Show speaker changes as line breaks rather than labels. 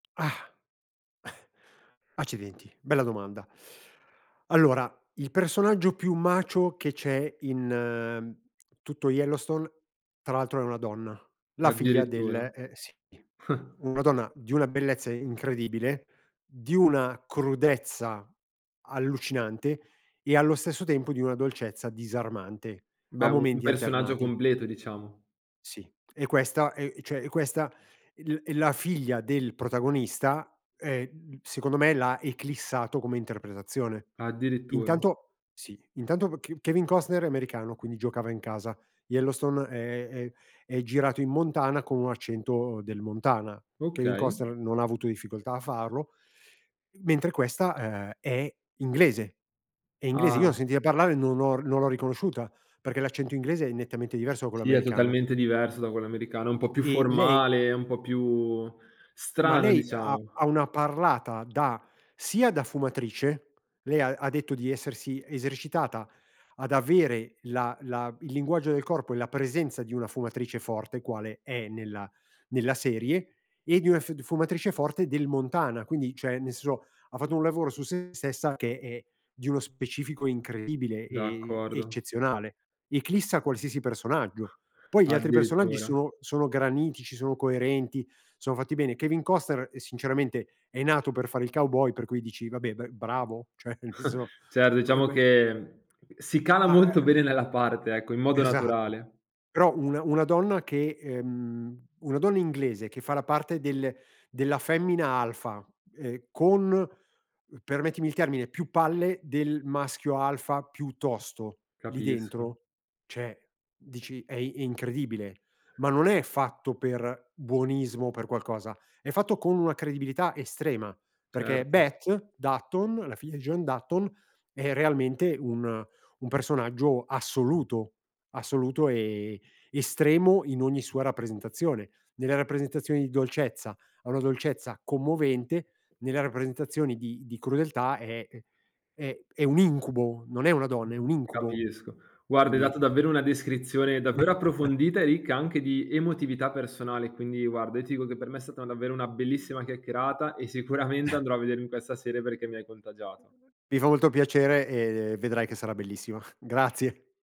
Ah, accidenti, bella domanda. Allora il personaggio più macho che c'è in tutto Yellowstone tra l'altro è una donna, la figlia del
Addirittura.
eh, sì, una donna di una bellezza incredibile, di una crudezza allucinante e allo stesso tempo di una dolcezza disarmante, a
Beh, un un
momenti
personaggio
alternati.
completo diciamo.
Sì, e questa è cioè e questa è l è la figlia del protagonista ehm secondo me l'ha eclissato come interpretazione.
Addirittura.
Intanto sì, intanto K Kevin Costner è americano, quindi giocava in casa, Yellowstone è è è girato in Montana con un accento del Montana, Kevin
Okay.
Costner non ha avuto difficoltà a farlo, mentre questa, ehm, è inglese è inglese, io l'ho
Ah.
sentita parlare non ho r non l'ho riconosciuta perché l'accento inglese è nettamente diverso da quello
Sì, è
americano.
totalmente diverso da quello americano, è un po' più
E lei
formale, è un po' più
Ma
strano
lei ha
diciamo.
ha una parlata da, sia da fumatrice, lei ha ha detto di essersi esercitata ad avere la la il linguaggio del corpo e la presenza di una fumatrice forte, quale è nella nella serie, e di una fiu d fumatrice forte del Montana, quindi cioè nel senso ha fatto un lavoro su sé stessa che è di uno specifico incredibile e
D'accordo.
eccezionale, eclissa qualsiasi personaggio. Poi gli altri personaggi
Addirittura.
sono sono granitici, sono coerenti, sono fatti bene. Kevin Costner, uhm, sinceramente è nato per fare il cowboy, per cui dici vabbè ber bravo cioè nel senso,
Certo,
co e
diciamo
be
che
M
si
m
cala
a
molto
e
bene nella parte, ecco, in modo
Esatto.
naturale.
Però una una donna che ehm una donna inglese che fa la parte del della femmina alfa, ehm, con, permettimi il termine, più palle del maschio alfa più tosto lì
Capisco.
dentro, cioè dici: "È i è incredibile". Ma non è fatto per buonismo per qualcosa, è fatto con una credibilità estrema. Perché
Certo.
Beth Dutton, la figlia di John Dutton è realmente un un personaggio assoluto, assoluto e estremo in ogni sua rappresentazione, nella rappresentazione di dolcezza, ha una dolcezza commovente, nella rappresentazione di di crudeltà è ehm, è è un incubo, non è una donna, è un
Mh,
incubo.
capisco. Guarda, hai dato
Quindi
davvero una descrizione davvero approfondita e ricca anche di emotività personale, quindi guarda io ti dico che per me è stata davvero una bellissima chiacchierata e sicuramente andrò a vedermi questa serie perché mi hai contagiato.
Mi fa molto piacere e vedrai che sarà bellissima. Grazie.